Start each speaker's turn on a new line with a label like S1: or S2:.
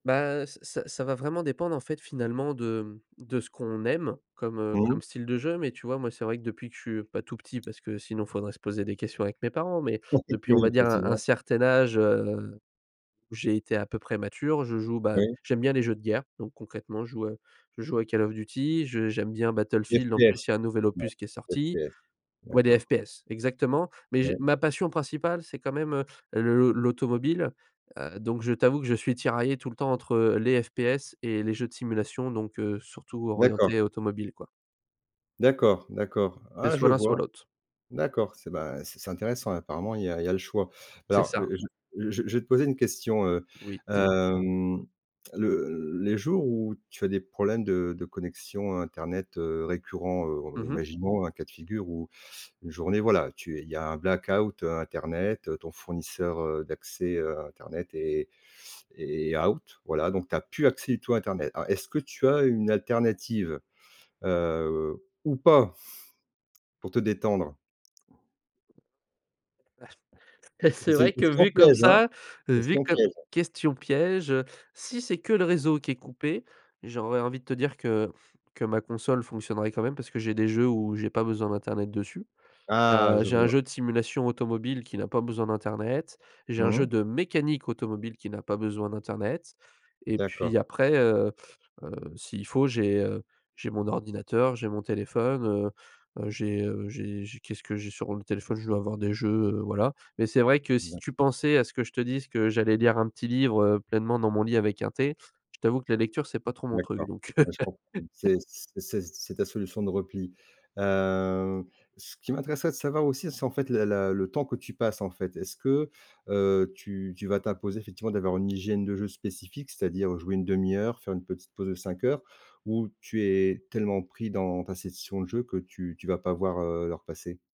S1: Ben, heu, c c ça va vraiment dépendre, en fait, finalement de, hem, de ce qu'on aime comme, heu,
S2: Mmh
S1: comme
S2: mh.
S1: style de jeu. Mais tu vois, moi, c'est vrai que depuis que je suis pas tout petit, parce que sinon, faudrait se poser des questions avec mes parents. Mais,
S2: Ça c'est le
S1: depuis, on va
S2: piège,
S1: dire un un
S2: effectivement.
S1: certain âge, heu, où j'ai été à peu près mature. Je joue, bah
S2: Oui.
S1: j'aime bien les jeux de guerre. Donc concrètement, je joue, heu je joue à Call of Duty. Je j'aime bien Battlefield. En plus,
S2: FPS.
S1: y a un nouvel
S2: Ouais.
S1: opus qui est sorti
S2: FPS.
S1: Ouais, des
S2: D'accord.
S1: FPS, exactement. Mais, je
S2: Ouais.
S1: ma passion principale, c'est quand même, heu, l l'au l'automobile. Heu, donc je t'avoue que je suis tiraillé tout le temps entre, les FPS et les jeux de simulation, donc, heu, surtout
S2: D'accord.
S1: orientés automobile quoi.
S2: D'accord, d'accord.
S1: C'est
S2: Ah! je
S1: soit l'un, soit
S2: vois.
S1: l'autre.
S2: D'accord. C'est, ben, c c'est intéressant, apparemment il y a il y a le choix.
S1: C'est
S2: Alors,
S1: ça.
S2: je je je je vais te poser une question, heu
S1: Oui, dis-moi.
S2: hem, le les jours où, tu as des problèmes de de connexion, heu, internet, heu, récurrent, heu,
S1: Mmh
S2: r
S1: mh.
S2: imaginons, un cas de figure, où une journée, voilà, tu es il y a un black-out, heu, internet. Ton fournisseur, heu, d'accès, heu, internet est est out. Voilà, donc tu as plus accès du tout à internet. Alors, est-ce que tu as une alternative? Heu, ou pas? Pour te détendre.
S1: C'est
S2: C'est une
S1: vrai que
S2: question
S1: vu comme
S2: piège, hein,
S1: ça vu
S2: question
S1: comme
S2: piège.
S1: question piège, heu! Si c'est que le réseau qui est coupé, j'aurais envie de te dire que que ma console fonctionnerait quand même parce que j'ai des jeux où j'ai pas besoin d'internet dessus.
S2: Ah,
S1: Heu,
S2: je
S1: j'ai un
S2: vois.
S1: jeu de simulation automobile qui n'a pas besoin d'internet. J'ai un jeu
S2: Mmh.
S1: de mécanique automobile qui n'a pas besoin d'internet. Et
S2: D'accord.
S1: puis après, heu heu, si il faut, j'ai, heu, j'ai mon ordinateur, j'ai mon téléphone, heu heu, j'ai heu j'ai j'ai qu'est-ce que j'ai sur le téléphone? Je dois avoir des jeux, heu, voilà. Mais c'est vrai que si
S2: [unintelligible]
S1: tu pensais à ce que je te dise, que j'allais lire un petit livre, heu, pleinement dans mon lit avec un thé, je t'avoue que la lecture c'est pas trop mon truc
S2: D'accord.
S1: donc, heu.
S2: Ouais, je comprends. C'est c'est c'est c'est ta solution de repli. Heu, ce qui m'intéresserait de savoir aussi, c'est en fait, le la le temps que tu passes, en fait. Est-ce que, heu, tu tu vas t'imposer effectivement d'avoir une hygiène de jeu spécifique? C'est-à-dire, jouer 1/2 heure, faire une petite pause de 5 heures, ou tu es tellement pris dans ta session de jeu que tu tu vas pas voir, heu, l'heure passer?